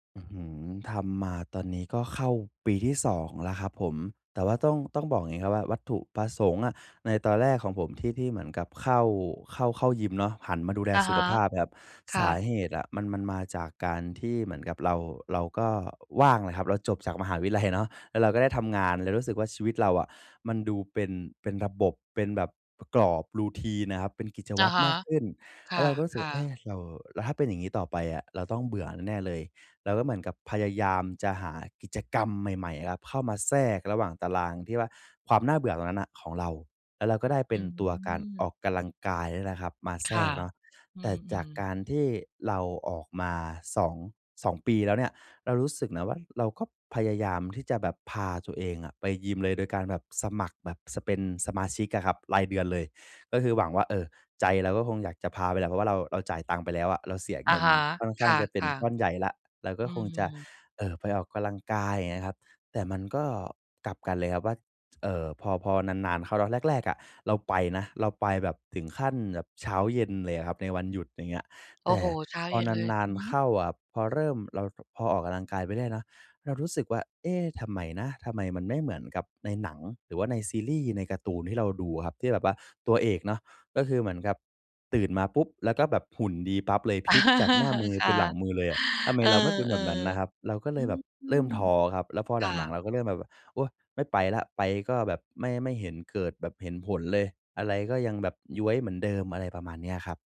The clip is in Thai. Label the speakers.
Speaker 1: อื้อฮือ ทำมาตอนนี้ก็เข้าปีที่ 2 แล้วครับผม แต่ว่าต้อง ต้องบอกอย่างนี้ครับว่า วัตถุประสงค์อะในตอนแรกของผมที่ ที่เหมือนกับเข้า เข้า เข้ายิมเนาะ หันมาดูแล
Speaker 2: อะ
Speaker 1: สุ
Speaker 2: ฮ
Speaker 1: ข
Speaker 2: ะ
Speaker 1: ภาพ แบบ
Speaker 2: ค
Speaker 1: ส
Speaker 2: ่
Speaker 1: า
Speaker 2: ะ
Speaker 1: เหตุอะมัน มันมาจากการที่เหมือนกับเรา เราก็ว่างแหละครับ เราจบจากมหาวิทยาลัยเนาะ แล้วเราก็ได้ทำงาน เลยรู้สึกว่าชีวิตเราอะ มันดูเป็น เป็นระบบ เป็นแบบกรอบ routine น่ะครับ เป็นกิจ
Speaker 2: อ
Speaker 1: ว
Speaker 2: ะ
Speaker 1: ัตร
Speaker 2: ฮะ
Speaker 1: มากขึ้น
Speaker 2: ค
Speaker 1: แล้วเราก็รู้สึกว
Speaker 2: ่
Speaker 1: ่
Speaker 2: ะ
Speaker 1: า เอ๊ะ
Speaker 2: ๆ
Speaker 1: เรา แล้วถ้าเป็นอย่างนี้ต่อไปอะ เราต้องเบื่อแน่ ๆ เลย เราก็เหมือนกับพยายามจะหากิจกรรมใหม่ ๆ ครับ เข้ามาแทรกระหว่างตารางที่ว่า ความน่าเบื่อตรงนั้นน่ะของเรา แล้วเราก็ได้เป
Speaker 2: อ
Speaker 1: ็
Speaker 2: ื
Speaker 1: นตัวการอ
Speaker 2: ม
Speaker 1: อกกำลังกาย เนี่ยแหละครับมา
Speaker 2: ค
Speaker 1: แทร
Speaker 2: ่ะ
Speaker 1: กเนาะ
Speaker 2: อื
Speaker 1: แต่จา
Speaker 2: ม
Speaker 1: ก
Speaker 2: ๆ
Speaker 1: การที่เราออกมาสอง 2 ปีแล้วเนี่ย เรารู้สึกนะว่าเราก็พยายามที่จะแบบพาตัวเองอะไปยิมเลย โดยการแบบสมัครแบบ spend สมาชิกอะครับ รายเดือนเลย ก็คือหวังว่า เอ่อ ใจเราก็คงอยากจะพาไปแหละ เพราะว่าเรา เราจ่ายตังค์ไปแล้วอะ เราเสีย
Speaker 2: อ
Speaker 1: เ
Speaker 2: ะ
Speaker 1: งิน
Speaker 2: ฮะ
Speaker 1: ค่อนข
Speaker 2: ค
Speaker 1: ้างจะเป็น
Speaker 2: ่ะ
Speaker 1: ก้อนใหญ่แล้ว เราก
Speaker 2: ๆ
Speaker 1: ็
Speaker 2: อื
Speaker 1: คงจะ
Speaker 2: ม
Speaker 1: เอ่อ ไปออกกำลังกาย อย่างเงี้ยครับ แต่มันก็กลับกันเลยครับว่า เอ่อ พอ พอนาน ๆ เข้า ตอนแรก ๆ อะ เราไปนะ เราไปแบบถึงขั้นแบบเช้าเย็นเลยอะครับในวันหยุด อย่างเงี้ย
Speaker 2: โอ
Speaker 1: แ
Speaker 2: ้
Speaker 1: ต่
Speaker 2: โฮ! เช้า
Speaker 1: พ
Speaker 2: เ
Speaker 1: อ
Speaker 2: ย็นเลย
Speaker 1: นา
Speaker 2: อ
Speaker 1: น
Speaker 2: ือฮ
Speaker 1: ๆ เ
Speaker 2: ึ
Speaker 1: ข้าอะครับ พอเริ่ม เรา ด พอออกกำลังกายไปได้เนาะ เรารู้สึกว่า "เอ๊ะ ทำไมนะ? ทำไมมันไม่เหมือนกับในหนัง หรือว่าในซีรีส์ ในการ์ตูนที่เราดู" อะครับ ที่แบบว่าตัวเอกเนาะ ก็คือเหมือนกับตื่นมาปุ๊บ แล้วก็แบบหุ่นดีปั๊บเลย พลิกจากหน้ามือ
Speaker 2: ค
Speaker 1: เป
Speaker 2: ่
Speaker 1: ็
Speaker 2: ะ
Speaker 1: นหลังมือเลยอะ ทำไม
Speaker 2: เออ
Speaker 1: เราไม่เป็นแบบนั้นนะครับ เราก็
Speaker 2: ๆ
Speaker 1: เ
Speaker 2: อ
Speaker 1: ลยแบบ
Speaker 2: ื
Speaker 1: เริ่ม
Speaker 2: ม
Speaker 1: ท้อครับ แล้วพอ
Speaker 2: ค
Speaker 1: ห
Speaker 2: ่
Speaker 1: ลัง
Speaker 2: ะ
Speaker 1: ๆ เราก็เริ่มแบบ "โอ๊ย ไม่ไปแล้ว ไปก็แบบไม่ ไม่เห็นเกิดแบบเห็นผลเลย อะไรก็ยังแบบย้วยเหมือนเดิม" อะไรประมาณนี้ครับ